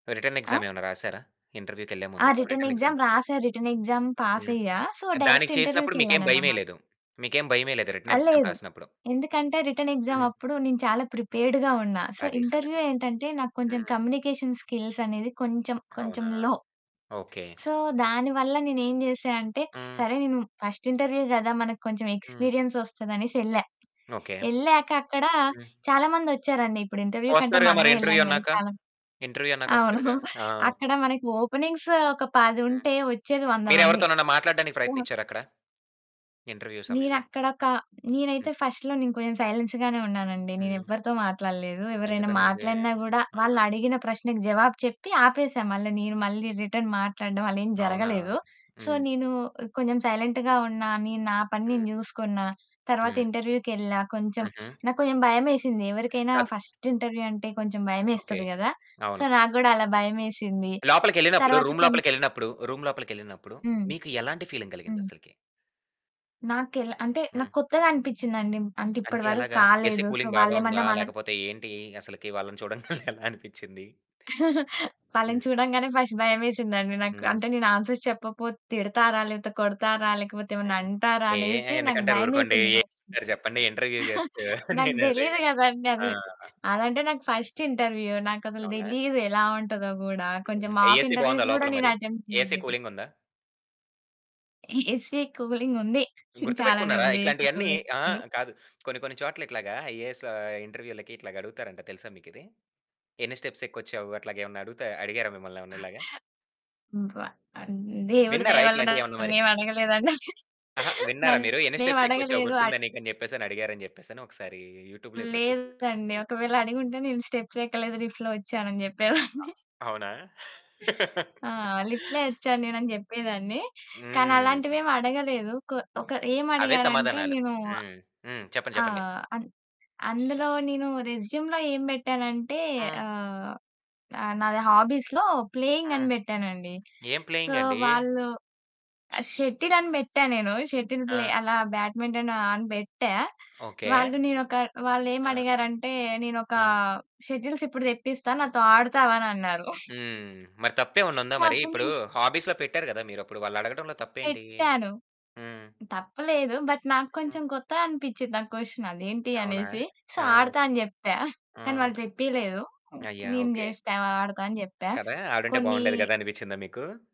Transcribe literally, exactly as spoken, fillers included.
Return ఆ! Exam ఏమైనా రాసారా ఇంటర్వ్యూకెళ్ళే ఆ! ముందు రిటెన్ రిటన్ ఎక్సామ్. ఎక్సామ్ రాసా రిటెన్ ఎక్సామ్ హ్మ్. పాసయ్యా. సో, దానికి డైరెక్ట్ చేసినప్పుడు మీకేం ఇంటర్వ్యూకెళ్ళానన్నమాట. భయమేయలేదు. మీకేం భయమేయ లేదు రిటన్ ఆ! ఎక్సామ్ లేదు. రాసినప్పుడు. ఎందుకంటే రిటెన్ హ్మ్. ఎక్సామప్పుడు నేను చాలా ప్రిపేర్డ్‌గా ఉన్నా, సో, అదీ ఇంటర్వ్యూ సంగతి. ఏంటంటే నాక్కొంచెం హ్మ్. కమ్యూనికేషన్ స్కిల్స్ అనేది కొంచెం కొంచెం అవునా! లో. ఓకె. సో, దాని వల్ల నేనేం చేశా అంటే, హ్మ్. సరే, నేను ఫస్ట్ ఇంటర్వ్యూ కదా, మనకు కొంచెం హ్మ్. ఎక్స్పీరియన్స్ ఒస్తదనేసెళ్ళా. ఓకె. ఎళ్ళాక అక్కడ హ్మ్. చాలా మందొచ్చారండి, ఇప్పుడు ఇంటర్వ్యూ కంటే వస్తారుగా మరి మనమే ఇంటర్వ్యూ ఎళ్ళం కద అన్నాక చాలా ఇంటర్వ్యూ అన్నాక అవును వస్తారుగా. ఆ! అక్కడ మనకు ఓపెనింగ్స్ ఒక పది హ్మ్. ఉంటే వచ్చేది వంద మంది. మీరెవరితోనైనా మాట్లాడడానికి [unintelligible] ప్రయత్నించారా అక్కడ? ఇంటర్వ్యూ సమయంలో? నేనక్కడ ఒక హ్మ్. నేనైతే ఫస్ట్‌లో నేను కొంచెం సైలెన్స్ గానే ఉన్నాను అండి హ్మ్. నేనెవ్వరితో మాట్లాడలేదు, ఎవరైనా ఎందుకనండి మాట్లాడినా కూడా [unintelligible] వాళ్ళడిగిన ప్రశ్నకు జవాబు చెప్పి ఆపేసా. మళ్ళీ నేను మళ్ళీ రిటర్న్ మాట్లాడడం అలా ఏం అవునా! జరగలేదు. సో, హ్మ్. నేను కొంచెం సైలెంట్‌గా ఉన్నా నేను నా పని నేను హ్మ్. చూసుకున్న. తర్వాత హ్మ్. ఇంటర్వ్యూకెళ్ళా కొంచెం, హుహు. నాకు కొంచెం భయమేసింది ఎవరికైనా కాదు. ఫస్ట్ ఇంటర్వ్యూ అంటే కొంచెం ఓకె. భయమేస్తది కదా! సో, అవును. నాకు కూడా అలా భయమేసింది. లోపలికెళ్ళినప్పుడు తర్వాత రూమ్ కొం లోపలికెళ్ళినప్పుడు రూమ్ లోపలికెళ్ళినప్పుడు హ్మ్. మీకు ఎలాంటి ఫీలింగ్ హ్మ్. కలిగిందసలకి? నాకెల అంటే హ్మ్. నాకు కొత్తగా అనిపించింది అండి, అంటే ఇప్పటి అంటే వరకు ఎలాగా ఏసీ కాలేదు. సో, కూలింగ్ బాగా ఉందా వాళ్లేమన్నా మన లేకపోతే ఏంటి అసలకి వాళ్ళని చూడంగానే ఎలా అనిపించింది? వాళ్ళని హ్మ్. చూడంగానే ఫస్ట్ భయమేసిందండి నాకు. హ్మ్. అంటే నేను ఆన్స్వర్స్ చెప్పకపోతే తిడతారా, లేకపోతే కొడతారా లేకపోతే ఏమనా హ్మ్, అంటారా ఏహ్, అనేసి నాకు ఎందుకంటారు ఊరుకోండి భయమేసింది ఫస్ట్. చెప్పండి ఇంటర్వ్యూ జస్ట్ నాకు నేను అదేగ. తెలిదు కదా అండి, అది ఆహా! అదంటే నాకు ఫస్ట్ ఇంటర్వ్యూ నాకసలు అవునా. తెలీదు ఎలా ఉంటదో కూడా. కొంచెం హ్మ్, మాక్ ఏసీ బాగుందా ఇంటర్వ్యూస్ కూడా లోపల నేను మరి? అటెంప్ట్ ఏసీ చేయలేదు. కూలింగ్ ఉందా? ఏసీ కూలింగ్ ఉంది, చాలానే గుర్తుపెట్టుకున్నారా ఉంది ఏసీ ఇట్లాంటియన్నీ, కూలింగ్. అహా! హ్మ్. కాదు కొన్ని కొన్ని చోట్ల ఇట్లాగా ఐఏఎస్ ఇంటర్వ్యూలకి, ఇట్లా అడుగుతారంట తెలుసా మీకిది. ఎన్ని స్టెప్స్ ఎక్కిచ్చావు అట్లా ఏమన్నా అడుగుత అడిగారా మిమ్మల్ని ఏమైనా ఇలాగా? బ ఆహ్, దేవుడి దయ విన్నారా వల్ల ఇట్లాంటివి ఏమన్నా మరి? నన్నేం అడగలేదు అవి. ఆహా! విన్నారా మీరు ఎన్ని నన్నేమి స్టెప్స్ ఎ ఎక్కువ వచ్చావు అడగలేదు అ గుర్తుందా నీకు అని చెప్పేసి అడిగారు అని చెప్పేసి ఒకసారి యూట్యూబ్‌లో హ్మ్, చూసినట్టు. లేదు అండి హ్మ్. ఒకవేళ అడిగి ఉంటే నేను స్టెప్స్ ఎక్కలేదు లిఫ్ట్‌‌లో వచ్చాను అని చెప్పేవాన్ని. అ అవునా? ఆ! లిఫ్ట్‌‌లో ఇచ్చాను నేను అని చెప్పేదాన్ని కానీ హ్మ్. అలాంటివి ఏం అడగలేదు. క ఒక ఏం అవే అడిగారు అంటే సమాధానాలు. నేను హ్మ్ హ్మ్, చెప్పండి ఆ! చెప్పండి. అన్ అందులో నేను రెస్యూమ్‌లో ఏం పెట్టానంటే హ్మ్. ఆహ్, నాది హాబీస్‌లో ప్లేయింగ్ అని హ్మ్. పెట్టానండి. ఏం సో, ప్లేయింగ్ అండి? వాళ్ళు షటిల్ అని పెట్టా నేను, షటిల్ ప్లే ఆ! అలా బ్యాడ్మింటన్ అని పెట్టా. ఓకె. వాళ్ళు నేనొక వాళ్ళు ఏమి ఆ! అడిగారంటే నేనొక ఆ! షటిల్స్ ఇప్పుడు తెప్పిస్తాను నాతో ఆడతావా అనన్నారు. హ్మ్. మరి తప్పేమన్నా ఉందా సో, మరి అప్పుడు ఇప్పుడు నేను హాబీస్‌లో పెట్టారు కదా మీరు అప్పుడు వాళ్ళడగడంలో తప్పేంటి? పెట్టాను. హ్మ్. తప్పులేదు బట్ నాకు హ్మ్. కొంచెం కొత్తగా అనిపించింది ఆ క్వెషన్ అదేంటి. అవునా! అనేసి సో, ఆ! ఆడతా అని చెప్పా కానీ ఆ! వాళ్ళు తెప్పియలేదు అయ్యా! నేను ఓకె. జస్ట్ ఆడతా అని చెప్పా. కదా! ఆవిడంటే కొన్ని బాగుండేది కదా అనిపించిందా మీకు?